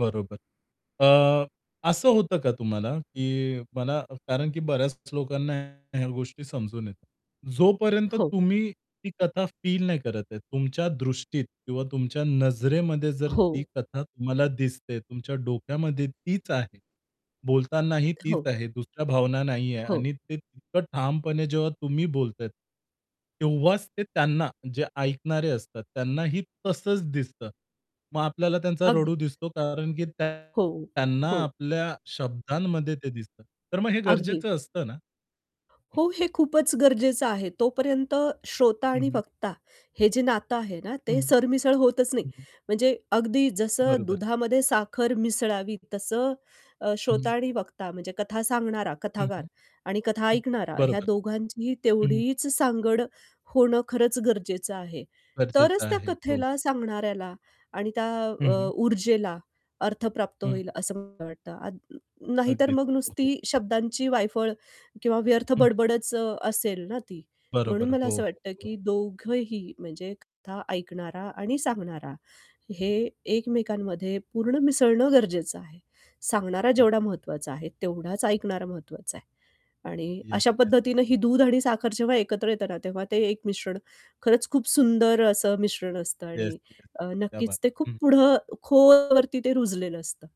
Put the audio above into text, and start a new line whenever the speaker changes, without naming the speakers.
बरोबर. अ, असं होतं का तुम्हाला? की मला कारण, की बऱ्याच लोकांना ह्या गोष्टी समजून येतात. जोपर्यंत
हो.
तुम्ही ती कथा फील नाही करत आहे, तुमच्या दृष्टीत किंवा तुमच्या नजरेमध्ये जर ती
हो.
कथा तुम्हाला दिसते, तुमच्या डोक्यामध्ये तीच आहे. बोलतानाही तीच
हो.
आहे, दुसऱ्या भावना नाही आहे
हो.
आणि ते इतकं ठामपणे जेव्हा तुम्ही बोलतात. तेव्हाच ते त्यांना जे ऐकणारे असतात त्यांनाही तसंच दिसतं. मग आपल्याला त्यांचा रडू
अगदीच.
दिसतो, कारण, की त्यां
हो,
त्यांना
हो.
आपल्या शब्दांमध्ये ते दिसतं. तर मग हे गरजेचं
अगदीच.
असतं ना?
हो, हे खूपच गरजेचं आहे. तोपर्यंत श्रोता
हं,
आणि
हं.
वक्ता हे जे नातं आहे ना,
हं,
ते सरमिसळ होतच नाही.
हं, हं.
म्हणजे अगदी जसं
बरोबर.
दुधामध्ये साखर मिसळावी, तसं अ,
हं,
श्रोता
हं.
आणि वक्ता म्हणजे कथा सांगणारा
हं,
कथागार
हं.
आणि कथा
हं.
ऐकणारा ह्या
बरोबर.
दोघांचीही
हं.
तेवढीच सांगड होणं खरंच गरजेचं आहे.
गरजेचं
तरच त्या
आहे. हो.
कथेला सांगणाऱ्याला आणि त्या
हं,
अ,
हं.
ऊर्जेला अर्थ प्राप्त
हं.
होईल असं मला वाटतं. आद नाहीतर
अगदीच.
मग
हो, हो.
नुसती शब्दांची वायफळ किंवा व्यर्थ
हं.
बडबड असेल ना ती.
बरोबर.
म्हणून मला
हो,
असं
हो,
वाटतं,
हो.
की दोघंही म्हणजे कथा ऐकणारा आणि सांगणारा, हे एकमेकांमध्ये पूर्ण मिसळणं गरजेचं आहे. सांगणारा
असतं.
जेवढा महत्त्वाचा आहे, तेवढाच ऐकणारा महत्त्वाचा आहे. आणि
येस,
अशा
येस.
पद्धतीने ही दूध आणि साखर जेव्हा एकत्र येत ना, तेव्हा ते एक मिश्रण खरंच खूप सुंदर असं मिश्रण असतं
येस,
आणि
येस,
अ,
येस. क्या बात
नक्कीच ते
हं,
खूप
हं.
पुढं खोल वरती ते रुजलेलं असतं.